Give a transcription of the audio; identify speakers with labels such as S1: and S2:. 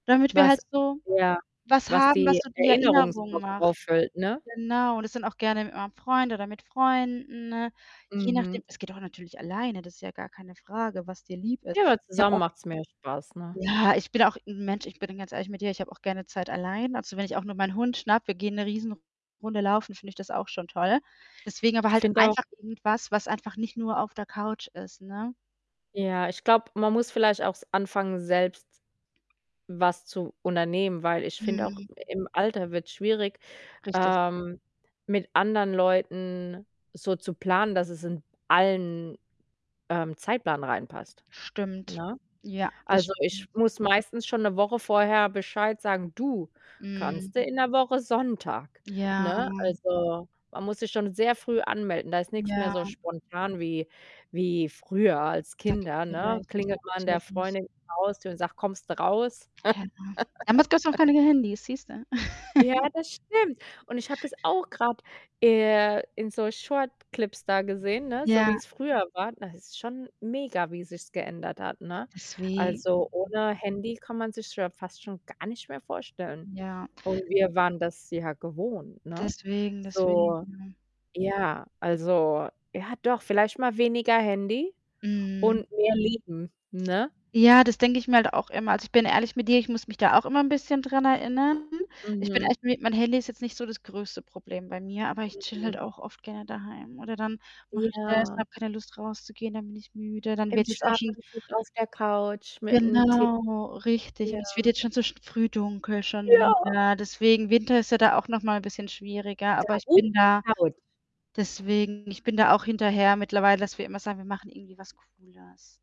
S1: Damit wir
S2: Was
S1: halt so
S2: ja,
S1: was
S2: was
S1: haben, was
S2: die
S1: so die Erinnerung
S2: Erinnerungsbox
S1: macht.
S2: auffüllt, ne?
S1: Genau, das sind auch gerne mit meinem Freund oder mit Freunden, ne, je
S2: Mhm.
S1: nachdem. Es geht auch natürlich alleine, das ist ja gar keine Frage, was dir lieb ist.
S2: Ja, aber
S1: Ich habe
S2: zusammen
S1: auch
S2: macht's mehr Spaß, ne?
S1: Ja, ich bin auch 'n Mensch ich bin ganz ehrlich mit dir, ich habe auch gerne Zeit allein. Also, wenn ich auch nur meinen Hund schnappe, wir gehen 'ne Riesenrunde laufen, finde ich das auch schon toll. Deswegen aber
S2: Ich
S1: halt
S2: finde auch
S1: einfach irgendwas, was einfach nicht nur auf der Couch ist, ne?
S2: Ja, ich glaube, man muss vielleicht auch s anfangen, selbst was zu unternehmen, weil ich finde auch,
S1: Mhm.
S2: im Alter wird's schwierig,
S1: Richtig.
S2: ähm, mit anderen Leuten so zu planen, dass es in allen, ähm, Zeitplan reinpasst,
S1: Stimmt.
S2: ne?
S1: Ja, das
S2: Also, ich
S1: stimmt.
S2: muss meistens schon 'ne Woche vorher Bescheid sagen: „Du,
S1: Mhm.
S2: kannst du in 'ner Woche Sonntag?“,
S1: Ja.
S2: ne? Also, man muss sich schon sehr früh anmelden. Da ist nix mehr so
S1: Ja.
S2: spontan wie wie früher als
S1: Da gebe
S2: Kinder,
S1: ich dir
S2: ne?
S1: Recht,
S2: Klingelt
S1: ja,
S2: man der
S1: natürlich.
S2: Freundin [unintelligible] Haustür und sagt: „Kommst du raus?“
S1: [unintelligible] Damals gab's auch keine Handys, siehst du?
S2: Ja, das stimmt. Und ich habe das auch grad, äh, in so Short-Clips da gesehen, ne, so
S1: Ja.
S2: wie's früher war. Da es ist schon mega, wie sich's geändert hat, ne?
S1: Deswegen.
S2: Also, ohne Handy kann man sich's ja fast schon gar nicht mehr vorstellen.
S1: Ja.
S2: Und wir waren das ja gewohnt, ne?
S1: Deswegen, deswegen,
S2: So,
S1: ja.
S2: ja also, ja, doch vielleicht mal weniger Handy
S1: Mhm.
S2: und mehr Leben, ne?
S1: Ja, das denke ich mir halt auch immer. Also, ich bin ehrlich mit dir, ich muss mich da auch immer 'n bisschen dran erinnern. Ich bin
S2: Mhm.
S1: echt mi mein Handy ist jetzt nicht so das größte Problem bei mir, aber ich chille halt
S2: Mhm.
S1: auch oft gerne daheim. Oder dann mache ich das
S2: Ja.
S1: habe keine Lust rauszugehen, dann bin ich müde. Dann
S2: Im
S1: wird jetzt auch schon
S2: Schlafanzug auf der Couch mit 'nem Tee.
S1: Genau, richtig. Und es wird
S2: Ja.
S1: jetzt schon so sch früh dunkel schon
S2: Ja.
S1: wieder. Deswegen Winter ist ja da auch nochmal ein bisschen schwieriger, aber ich bin da
S2: [unintelligible]
S1: deswegen ich bin da auch hinterher mittlerweile, dass wir immer sagen: „Wir machen irgendwie was Cooles.“